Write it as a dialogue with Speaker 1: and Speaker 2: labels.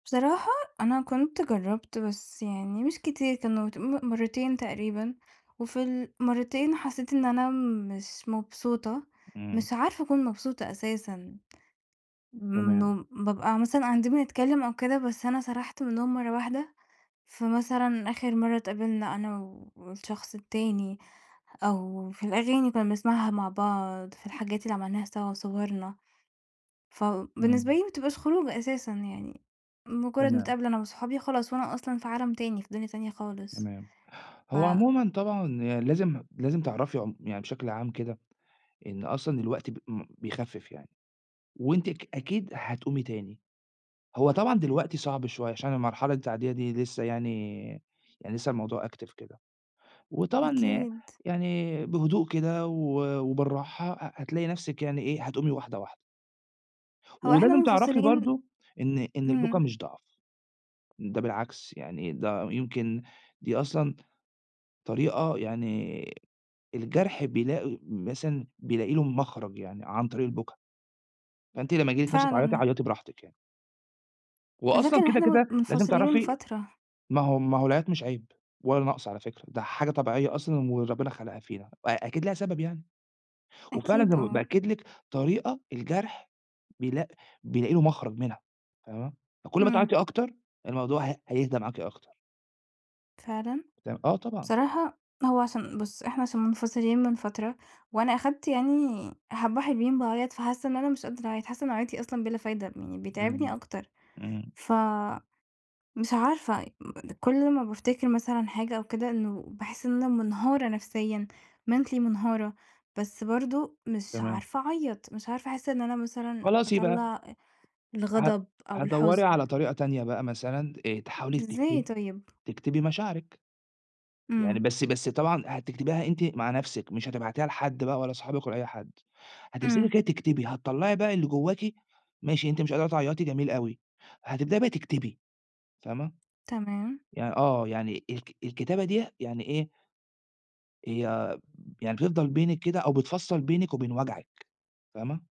Speaker 1: بصراحة أنا كنت جرّبت بس يعني مش كتير، كان ت مرّتين تقريبًا وفي المرّتين حسّيت إن أنا مش مبسوطة،
Speaker 2: إمم.
Speaker 1: مش عارفة أكُون مبسوطة أساسًا. من
Speaker 2: تمام.
Speaker 1: إنُّه بابقى مثلًا قاعدين بنتكلّم أو كده بس أنا سَرَحت منهم مرّة واحدة، فمثلًا آخِر مرّة اتقابلنا أنا و والشخص التاني أو في الأغاني اللي كنّا بنسمَعها مع بعض، في الحاجات اللي عملناها سوا وصُوَرنا، فبالنسبة
Speaker 2: إمم.
Speaker 1: لي ما بتبقاش خروجة أساسًا، يعني مجرّد
Speaker 2: تمام.
Speaker 1: نتقابل أنا وأصحابي خلاص وأنا أصلًا في عالم تاني، في دنيا تانية خالص
Speaker 2: تمام.
Speaker 1: ف
Speaker 2: هو عمومًا طبعًا يع لازم، لازم تعرَفي عم يعني بشكل عام كده إن أصلًا الوقت ب إم بيخفِّف يعني وأنتِ ك أكيد هتقومي تاني. هو طبعًا دلوقتي صعب شوية عشان المرحلة التعدية دي لسه يعني، يعني لسه الموضوع active كده، وطبعًا ي
Speaker 1: أكيد.
Speaker 2: يعني بهدوء كده و وبالراحة ه هتلاقي نفسِك يعني إيه، هتقومي وحداة، واحدة.
Speaker 1: هو إحنا
Speaker 2: ولازم تعرفي
Speaker 1: منفصلين
Speaker 2: برضه إن إن البُكى
Speaker 1: إمم.
Speaker 2: مش ضعْف. ده بالعكس يعني ده يمكن، دي أصلًا طريقة يعني الجرْح بيلاقي، مثلًا بيلاقي له مخرَج يعني عن طريق البُكى. فأنت لمّا ييجي لك نِفس تعيّطي
Speaker 1: فعلًا.
Speaker 2: عيّطي براحتِك يعني. وأصلًا
Speaker 1: [unintelligible]
Speaker 2: كده،
Speaker 1: إحنا من
Speaker 2: كده، لازم
Speaker 1: منفصلين من
Speaker 2: تعرَفي
Speaker 1: فترة.
Speaker 2: ما هو ما هو العياط مش عيب ولا نقْص على فكرة، ده حاجة طبيعية أصلًا وربنا خلقها فينا أ أكيد ليها سبب يعني، وفعلًا
Speaker 1: أكيد
Speaker 2: زى ما ب
Speaker 1: آه.
Speaker 2: بأكّد لِك طريقة الجرْح بيلاق بيلاقي له مخرَج منها فاهمة، فكلّ ما
Speaker 1: إمم.
Speaker 2: تعيّطي أكتر الموضوع هي هيهدا معاكِ أكتر.
Speaker 1: فعلًا؟
Speaker 2: تم آه طبعًا.
Speaker 1: بصراحة هو عشان بُص إحنا عشان منفصلين من فترة وأنا أخدت يعني حبّة حلوين باعيّط فحاسّة إن أنا مش قادرة أعيّط، حاسّة إن عياطي أصلًا بلا فايدة يعني بيتعبني
Speaker 2: إمم.
Speaker 1: أكتر،
Speaker 2: إمم.
Speaker 1: ف مش عارفة أ أ كلّ ما بافتكر مثلًا حاجة أو كده إنه باحس إن أنا منهارة نفسيًا mentally منهارة، بس برضه مش
Speaker 2: تمام.
Speaker 1: عارفة أعيّط، مش عارفة أحس إن أنا مثلًا
Speaker 2: خلاص يبقى
Speaker 1: أطلّع أ
Speaker 2: ه
Speaker 1: الغضب أو
Speaker 2: هتدوّري
Speaker 1: الحُزن.
Speaker 2: على طريقة تانية بقى مثلًا آآ، تحاولي
Speaker 1: إزاي
Speaker 2: تكتبي
Speaker 1: طيب؟
Speaker 2: تكتبي مشاعرِك. يعني
Speaker 1: إمم.
Speaker 2: بس بس طبعًا هتكتبيها أنتِ مع نفسِك، مش هتبعتيها لحد بقى ولا أصحابِك ولا أي حد، هتمسكي
Speaker 1: إمم.
Speaker 2: كده تكتبي هتطلّعي بقى اللي جواكِ ماشي، أنتِ مش قادرة تعيّطي، جميل أوي، هتبدئي بقى تكتبي فاهمة،
Speaker 1: تمام.
Speaker 2: يع آه، يعني الك الكتابة دي يعني إيه يع يعني بتفضَل بينك كده أو بتفصّل بينِك وبين وجعِك فاهمة؟